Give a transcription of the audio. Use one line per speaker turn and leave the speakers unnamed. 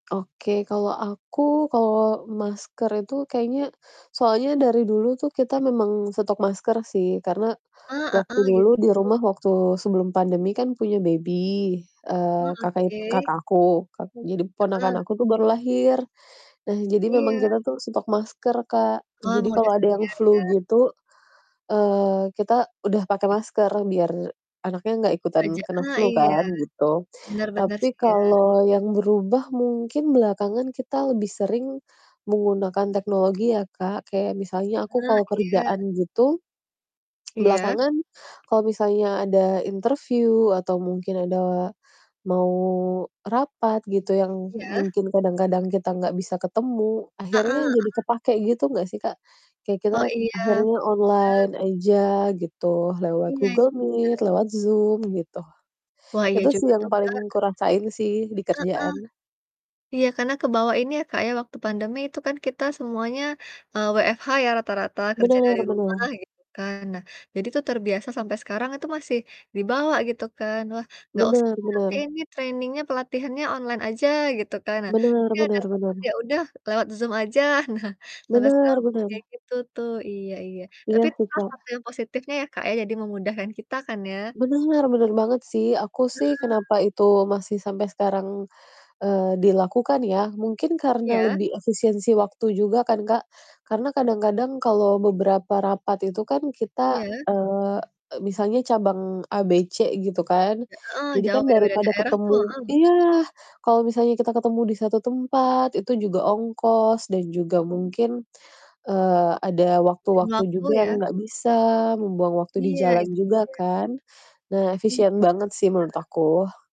Oke, kalau aku, kalau masker itu kayaknya soalnya dari dulu tuh, kita memang stok masker sih. Karena,
Eee,
waktu
heeh,
dulu di
gitu.
rumah waktu sebelum pandemi kan punya baby,
Oh,
eee, kakak ip
oke.
kakak aku, kan, jadi
Heeh.
keponakan aku tuh baru lahir. Nah, jadi memang
Iya.
kita tuh stok masker, Kak.
Oh,
Jadi,
emang udah
kalau ada yang
sedia
flu
ya?
gitu, eee, kita udah pakai masker biar anaknya nggak ikutan
Ajak
kena
ah,
flu
iya.
kan, gitu.
Bener bener
Tapi
sih ya.
kalau yang berubah mungkin belakangan kita lebih sering menggunakan teknologi ya Kak, kayak misalnya aku
Ah,
kalau
iya.
kerjaan gitu
Iya?
belakangan kalau misalnya ada interview, atau mungkin ada mau rapat gitu, yang
Iya?
mungkin kadang-kadang kita nggak bisa ketemu,
Heeh
akhirnya jadi
heeh.
kepakai gitu nggak sih, Kak? Kayak kita
Oh, iya.
akhirnya
Bener.
online aja gitu,
Iya,
lewat
ih benerr.
Google Meet, lewat Zoom, gitu.
Wah, iya
Itu sih
juga tuh,
yang
Kak.
paling kurasain sih, di
Heeh.
kerjaan.
Iya, karena kebawa ini ya, Kak, ya, waktu pandemi itu kan kita semuanya, eee, WFH ya, rata-rata kerja
Bener
dari
bener.
rumah, gitu kan. Nah, jadi tuh terbiasa sampe sekarang itu masih dibawa, gitu kan. Wah, nggak usah
Bener
nanti
bener.
ini training-nya, pelatihannya online aja, gitu kan. Nah,
Bener
nanti ada
bener
rapat,
bener.
ya udah lewat Zoom aja, nah sampai
Bener
sekarang masih
bener.
kayak gitu, tuh, iya iya, tapi
Iya
itu
sih,
salah
Kak.
satu yang positifnya ya, Kak, ya, jadi memudahkan kita kan ya?
Bener bener banget sih, aku sih
Heeh.
kenapa itu masih sampai sekarang, eee, dilakukan ya? Mungkin, karena
Iya?
lebih efisiensi waktu juga kan, Kak. Karena kadang-kadang kalau beberapa rapat itu kan kita,
Iya?
eee, misalnya cabang A, B, C, gitu kan.
Heeh,
Jadi kan
jauh beda-beda
daripada
daerah tuh,
ketemu
heeh.
iya, kalau misalnya kita ketemu di satu tempat itu juga ongkos, dan juga mungkin, eee, ada
Habisin
waktu-waktu
waktu
juga yang
ya?
nggak bisa, membuang waktu di
Iya,
jalan
itu
juga
dia.
kan. Nah,
Iya,
efisien
betul
banget
sih,
sih menurut
Kak.
aku.